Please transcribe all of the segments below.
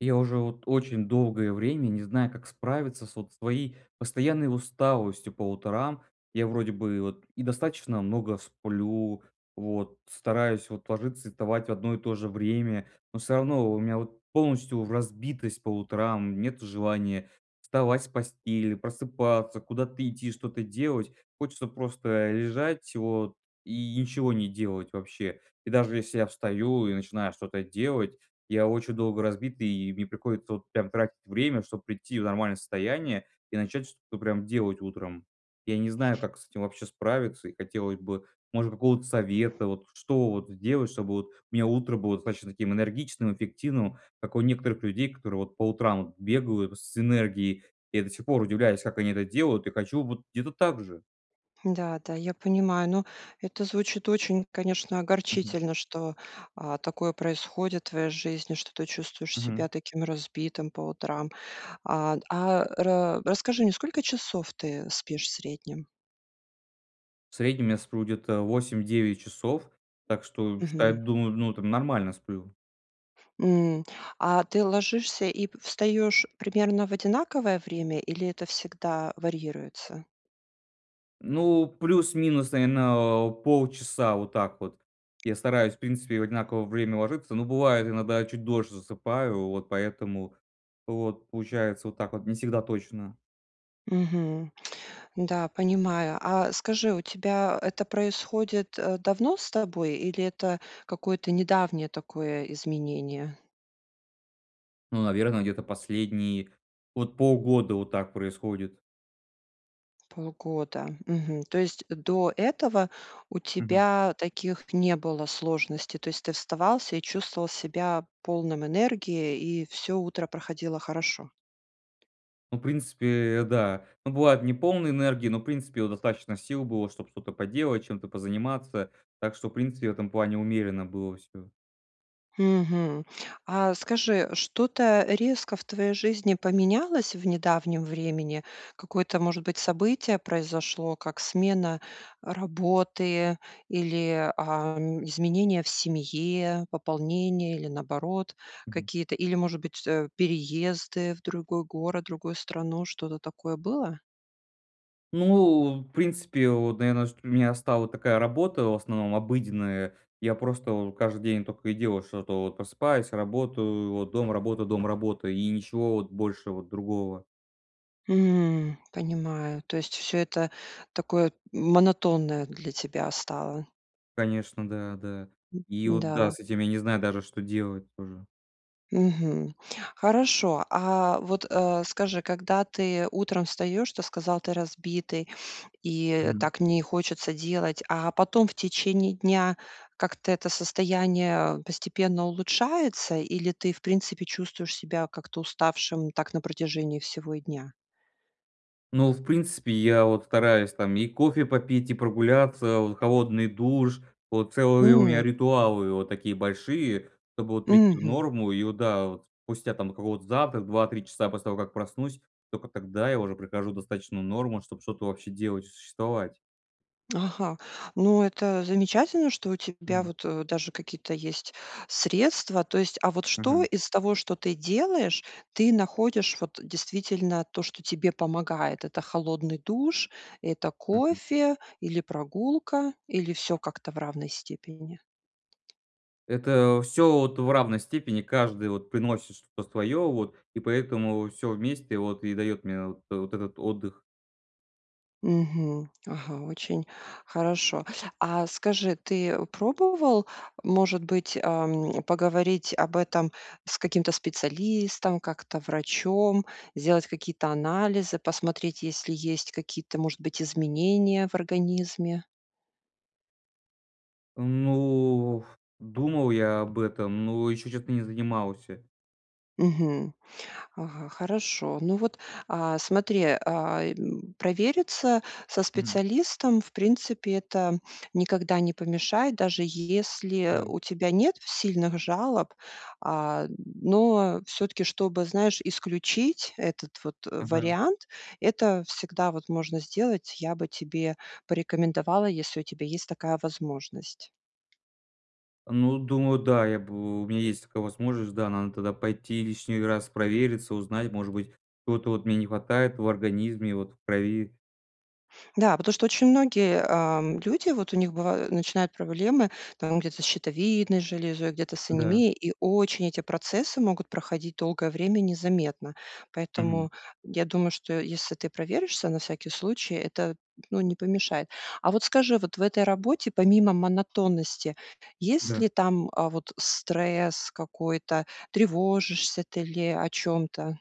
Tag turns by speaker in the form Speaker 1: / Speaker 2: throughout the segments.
Speaker 1: Я уже вот очень долгое время не знаю, как справиться с вот своей постоянной усталостью по утрам. Я вроде бы вот и достаточно много сплю, вот стараюсь, вот, ложиться и вставать в одно и то же время, но всё равно во у меня вот полностью разбитость по утрам, нет желания вставать с постели, просыпаться, куда-то идти, что-то делать. Хочется просто лежать вот и ничего не делать вообще. И даже если я встаю и начинаю что-то делать, я очень долго разбитый, и мне приходится вот прям тратить время, чтобы прийти в нормальное состояние и начать что-то прям делать утром. Я не знаю, как с этим вообще справиться, и хотелось бы, может быть, какого-то совета, вот что вот сделать, чтобы вот у меня утро было достаточно таким энергичным, эффективным, как у некоторых людей, которые вот по утрам вот бегают с энергией. Я до сих пор удивляюсь, как они это делают, и хочу вот где-то так же.
Speaker 2: Да, да, я понимаю. Но это звучит очень, конечно,
Speaker 1: Мгм.
Speaker 2: огорчительно, что, а, такое происходит в твоей жизни, что ты чувствуешь себя
Speaker 1: Мгм.
Speaker 2: таким разбитым по утрам. А д а, ра расскажи мне, не сколько часов ты спишь в среднем?
Speaker 1: В среднем я сплю где-то 8-9 часов, так что считай
Speaker 2: Мгм.
Speaker 1: думаю, ну там, нормально сплю.
Speaker 2: М. А ты ложишься и п встаешь примерно в одинаковое время или это всегда варьируется?
Speaker 1: Ну, плюс-минус, наверно, а, полчаса вот так вот я стараюсь, в принципе, в одинаково время ложиться, но бывает иногда чуть дольше засыпаю. Вот поэтому вот получается вот так вот не всегда точно.
Speaker 2: Мгм. Да, понимаю. А скажи, у тебя это происходит, э, давно с тобой или это какое-то недавнее такое изменение?
Speaker 1: Ну, наверно, где-то последние вот полгода вот так происходит.
Speaker 2: Полгода. Мгм. То есть, до этого у
Speaker 1: Мгм.
Speaker 2: тебя таких не было сложностей. То есть, ты вставал и чувствовал себя полным энергии. И всё утро проходило хорошо.
Speaker 1: Ну, в принципе, э, да, ну бывает неполный энергии, но в принципе вот достаточно сил было, чтобы что-то поделать, чем-то позаниматься. Так что, в принципе, в этом плане умеренно было всё.
Speaker 2: Мгм. А скажи, что-то резко в твоей жизни поменялось в недавнем времени? Какое-то может быть событие произошло? Как смена работы или, а, изменения в семье, пополнение или наоборот
Speaker 1: Мгм.
Speaker 2: какие-то, или, может быть, т э, переезды в другой город, другую страну. Что-то такое было?
Speaker 1: Ну, в принципе, вот, наверно, чт у меня стала такая работа в основном обыденная, я просто вот каждый день тока и делал что-то вот просыпаюсь, работаю. Вот, дом работа, дом работа, и ничего вот больше вот другого.
Speaker 2: М. Понимаю, то есть всё это такое монотонное для тебя стало.
Speaker 1: Конечно, да, да,
Speaker 2: М.
Speaker 1: и вот, да,
Speaker 2: Да.
Speaker 1: с этим я не знаю даже, что делать тоже.
Speaker 2: Мгм. Хорошо. А вот э. Скажи, когда ты утром встаешь, то сказал ты разбитый. И
Speaker 1: Мгм.
Speaker 2: так не хочется делать. А потом в течение дня как-то это состояние постепенно улучшается? Или ты в принципе чувствуешь себя как то уставшим так на протяжении всего и дня?
Speaker 1: Ну, в принципе, я вот стараюсь там и кофе попить, и прогуляться, вот холодный душ. Вот целые у меня
Speaker 2: М.
Speaker 1: ритуалы вот такие большие, чтобы вот прийти в
Speaker 2: Мгм.
Speaker 1: норму и вот да вот. Спустя там какого-то завтрак 2-3 часа после того, как проснусь, только тогда я уже прихожу в достаточную норму, чтобы что-то вообще делать, существовать.
Speaker 2: Ага. Ну это замечательно, что у тебя
Speaker 1: Мгм.
Speaker 2: вот, э, даже какие-то есть средства. То есть. А вот что
Speaker 1: Мгм.
Speaker 2: из того, что ты делаешь, ты находишь вот действительно то, что тебе помогает? Это холодный душ, это
Speaker 1: Мгм.
Speaker 2: кофе или прогулка, или всё как-то в равной степени?
Speaker 1: Это всё вот в равной степени каждый вот приносит что-то свое вот. И поэтому вот всё вместе вот и дает мне вот вот этот отдых.
Speaker 2: Мгм. Ага. Очень хорошо. А скажи, ты пробовал, может быть, ам, поговорить об этом с каким-то специалистом, как-то врачом? Сделать какие-то анализы, посмотреть, если есть какие-то, может быть, изменения в организме?
Speaker 1: Ну, ф думал я об этом, но еще честно не занимался.
Speaker 2: Мгм. Ага. Хорошо. Ну вот, а, смотри, э, м, провериться со
Speaker 1: Мгм.
Speaker 2: специалистом, в принципе, это никогда не помешает, даже если
Speaker 1: Да.
Speaker 2: у тебя нет сильных жалоб. А, но всё-таки, чтобы, знаешь, исключить этот вот
Speaker 1: Мгм.
Speaker 2: вариант, это всегда вот можно сделать. Я бы тебе порекомендовала, если у тебя есть такая возможность.
Speaker 1: Ну, думаю, да, я б у меня есть такая возможность, да. Надо тогда пойти лишний раз провериться, узнать, может быть, что-то вот мне не хватает в организме, вот в крови.
Speaker 2: Да, потому что очень многие, эм, люди, вот у них бываю начинают проблемы там где-то с щитовидной железой, где-то с
Speaker 1: Да.
Speaker 2: анемией. И очень эти процессы могут проходить долгое время незаметно.
Speaker 1: Мгм.
Speaker 2: Поэтому я думаю, что если ты проверишься на всякий случай, это, ну, не помешает. А вот скажи, вот в этой работе, помимо монотонности, есть
Speaker 1: Да.
Speaker 2: ли там, э, вот стресс какой-то? Тревожишься ты ли о чём-то?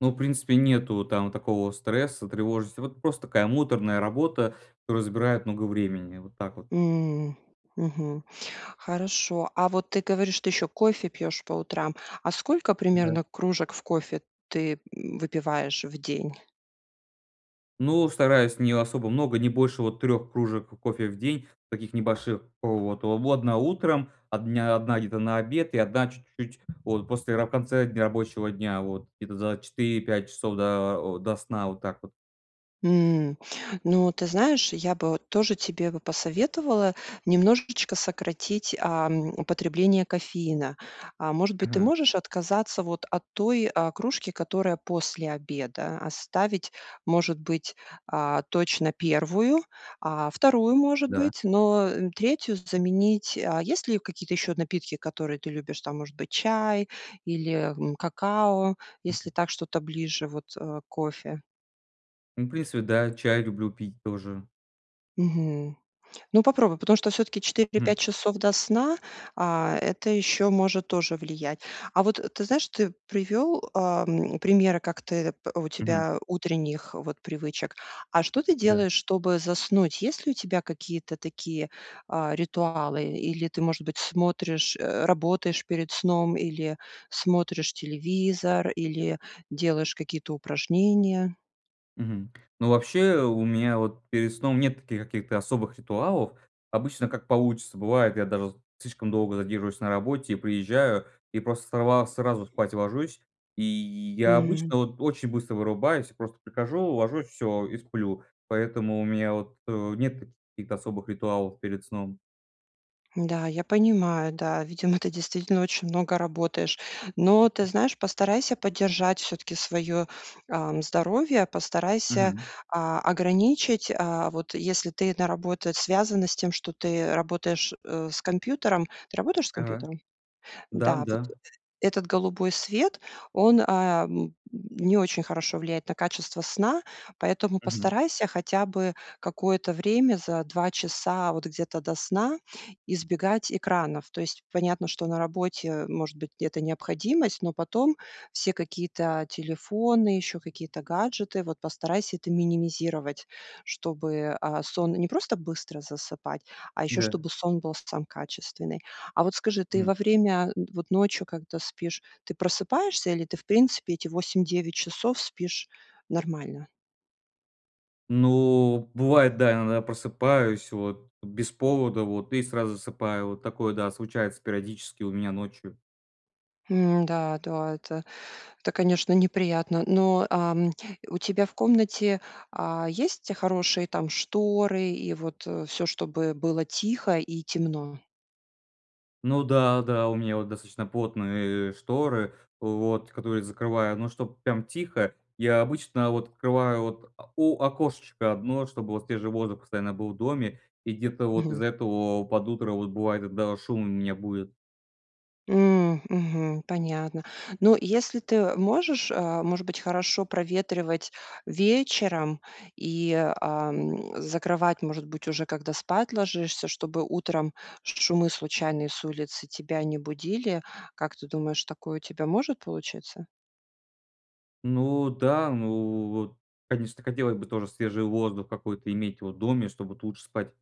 Speaker 1: Ну, в принципе нету там такого стресса, тревожности, вот просто такая муторная работа, которая забирает много времени, вот так вот.
Speaker 2: М, мгм. Хорошо. А вот ты говоришь, ты ещё кофе пьёшь по утрам. А сколько
Speaker 1: Да.
Speaker 2: примерно кружек в кофе ты выпиваешь в день?
Speaker 1: Ну, стараюсь не особо много, не больше вот 3 кружек кофе в день. Таких небольших вот: в в 1 утром, одня одна где-то на обед и 1 чуть-чуть вот после раб конце дн рабочего дня, вот, где-то за 4-5 часов до о, до сна, вот так вот.
Speaker 2: М. Ну, ты знаешь, я бы вот тоже тебе бы посоветовала немножечко сократить, ам, употребление кофеина. Э, может быть, ты
Speaker 1: Ага.
Speaker 2: можешь отказаться вот от той, э, кружки, которая после обеда. Оставить, может быть, э, точно 1, э, 2, может
Speaker 1: Да.
Speaker 2: быть, но, э, 3 заменить. А есть ли какие-то ещё напитки, которые ты любишь? Там, может быть, чай или, м, какао,
Speaker 1: Мгм.
Speaker 2: если так что-то ближе вот, э, к кофе?
Speaker 1: Ну, в принципе, да, чай люблю пить тоже.
Speaker 2: Мгм, ну, попробуй, потому что всё-таки 4-5
Speaker 1: М.
Speaker 2: часов, до сна, а это ещё может тоже влиять. А вот ты знаешь, ты привёл, ам, примеры, как ты у
Speaker 1: Мгм.
Speaker 2: тебя утренних вот привычек. А что ты
Speaker 1: Да.
Speaker 2: делаешь, чтобы заснуть? Есть ли у тебя какие-то такие, а, ритуалы? Или ты, может быть, смотришь, э, работаешь перед сном или смотришь телевизор, или делаешь какие-то упражнения?
Speaker 1: Мгм, ну, вообще, у меня вот перед сном нет каких-то особых ритуалов. Обычно как получится, бывает, я даже слишком долго задерживаюсь на работе, приезжаю и просто сорва сразу спать ложусь, и я
Speaker 2: Мгм.
Speaker 1: обычно вот очень быстро вырубаюсь. Просто прихожу, ложусь, всё, и сплю. Поэтому у меня вот, э, нет каких-то особых ритуалов перед сном.
Speaker 2: Да, я понимаю, да. Видимо, ты действительно очень много работаешь. Но ты
Speaker 1: Мгм.
Speaker 2: знаешь, постарайся поддержать всё-таки своё, ам, здоровье, постарайся,
Speaker 1: Мгм.
Speaker 2: а, ограничить. А, вот если ты на работу, связано с тем, что ты работаешь, э, с компьютером. Ты работаешь с
Speaker 1: Ага,
Speaker 2: компьютером?
Speaker 1: да,
Speaker 2: Да. Вот э
Speaker 1: да.
Speaker 2: этот голубой свет, он, ам, не очень хорошо влияет на качество сна. Поэтому
Speaker 1: Мгм.
Speaker 2: постарайся хотя бы какое-то время за 2 часа вот где-то до сна избегать экранов. То есть понятно, что на работе может быть где-то необходимость, но потом все какие-то телефоны, ещё какие-то гаджеты, вот постарайся это минимизировать, чтобы, а, сон не просто быстро засыпать, а ещё,
Speaker 1: Да.
Speaker 2: чтобы сон был сам качественный. А вот скажи, ты
Speaker 1: М.
Speaker 2: во время, вот ночью, когда спишь, ты просыпаешься или ты, в принципе, эти 8-9 часов спишь нормально?
Speaker 1: Ну, бывает, да, иногда просыпаюсь вот, б без повода вот и сразу засыпаю вот такое, да, случается периодически у меня ночью.
Speaker 2: М, да да, это, это конечно, неприятно. Но, ам, у тебя в комнате, а, есть, хорошие, там, шторы и вот, э, всё, чтобы было тихо и темно?
Speaker 1: Ну да, да, у меня вот достаточно плотные, э, шторы в вот, которые закрываю, но чтобы прям тихо- я обычно вот открываю вот о у окошечко 1, чтобы вот свежий воздух постоянно был в доме. И где-то вот
Speaker 2: Мгм.
Speaker 1: из-за этого под утро вот бывает иногда шум меня будит.
Speaker 2: М, мгм. Понятно. Ну если ты, э, можешь, э, может быть, хорошо проветривать вечером и, а, м, закрывать, может быть, уже когда спать ложишься, чтобы утром шумы случайные с улицы тебя не будили? Как ты думаешь такое у тебя может получиться?
Speaker 1: Ну да, ну, вот конечно хотелось бы тоже свежий воздух какой-то иметь в доме, чтобы ту лучше спать.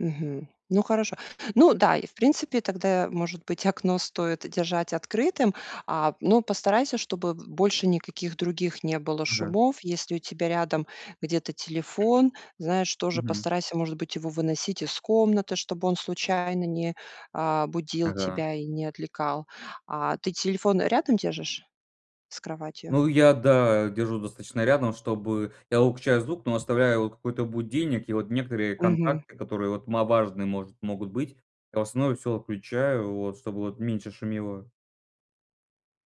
Speaker 2: Мгм. Ну, хорошо. Ну да, и в принципе тогда может быть окно стоит держать открытым. А, но постарайся чтобы больше никаких других не было
Speaker 1: Да.
Speaker 2: шумов. Если у тебя рядом где-то телефон, знаешь, тоже
Speaker 1: Мгм.
Speaker 2: постарайся, может быть, его выносить из комнаты, чтобы он случайно не, а, будил
Speaker 1: Ага.
Speaker 2: тебя и не отвлекал. А ты телефон рядом держишь с кроватью?
Speaker 1: Ну я, да, держу достаточно рядом, чтобы я выключаю звук, но оставляю какой-то будильник, и вот некоторые
Speaker 2: Мгм.
Speaker 1: контакты которые вот ма важные может, могут быть. А в основном всё отключаю вот, чтобы вот меньше шумело.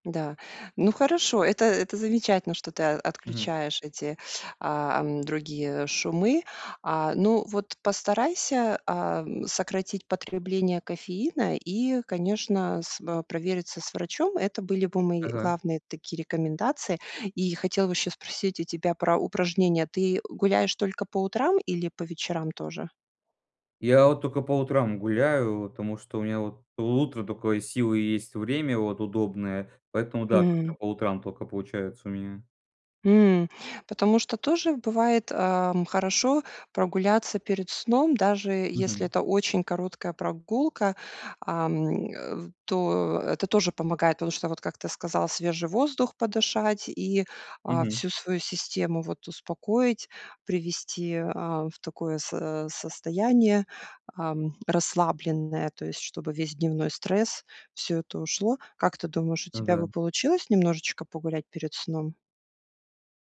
Speaker 2: Да. Ну, хорошо. Это это замечательно, что ты о
Speaker 1: Мгм.
Speaker 2: отключаешь эти, а, ам, другие шумы. А, ну вот постарайся, ам, сократить потребление кофеина и конечно с в провериться с врачом. Это были бы мои
Speaker 1: Ага.
Speaker 2: главные такие рекомендации. И хотела бы ещё спросить у тебя про упражнения. Ты гуляешь только по утрам или по вечерам тоже?
Speaker 1: Я вот тока по утрам гуляю от, потому что у меня вот утром только силы есть и время вот удобное, поэтому, да,
Speaker 2: Мгм.
Speaker 1: как-то по утрам тока получается у меня.
Speaker 2: М, потому что тоже бывает, а, м, хорошо прогуляться перед сном, даже если
Speaker 1: Мгм.
Speaker 2: это очень короткая прогулка. Ам, э, в то, это тоже помогает, потому что, вот как ты сказал свежий воздух подышать. И, а,
Speaker 1: Мгм.
Speaker 2: всю свою систему вот успокоить, привести, а, в такое со а, состояние, ам, расслабленное, то есть, чтобы весь дневной стресс, всё это ушло. Как ты думаешь, у тебя
Speaker 1: Да.
Speaker 2: бы получилось немножечко погулять перед сном?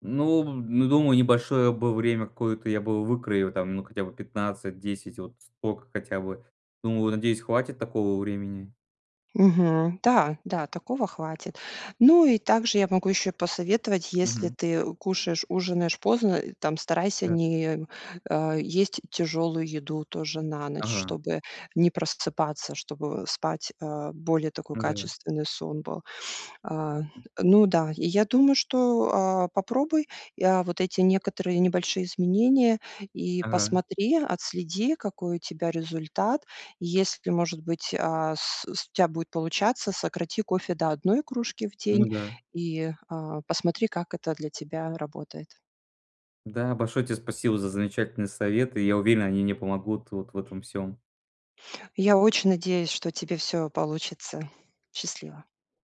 Speaker 1: Ну, в ну, думаю небольшое бы время какое-то я бы выкроил там ну хотя бы 15-10 вот столько хотя бы. Думаю, надеюсь, хватит такого времени.
Speaker 2: Мгм, да, да, такого хватит. Ну, и также я могу ещё посоветовать, если
Speaker 1: Мгм.
Speaker 2: ты кушаешь ужинаешь поздно, э, там старайся
Speaker 1: Да.
Speaker 2: не, а, есть тяжелую еду тоже на ночь,
Speaker 1: Ага.
Speaker 2: чтобы не просыпаться, чтобы, э, спать, а, более такой
Speaker 1: Н-да.
Speaker 2: качественный сон был. Э, ну да. И я думаю, что, а, попробуй, и, а, вот эти некоторые небольшие изменения и
Speaker 1: Ага.
Speaker 2: посмотри, отследи какой у тебя результат. И если может быть, а, с с у тебя будет получаться, сократи кофе до 1 кружки в день
Speaker 1: Ну да.
Speaker 2: и, а, посмотри как это для тебя работает.
Speaker 1: Да, большое тебе спасибо за замечательные советы и я уверен, они мне помогут вот в этом всём.
Speaker 2: Я очень надеюсь, что у тебя все получится. Счастливо!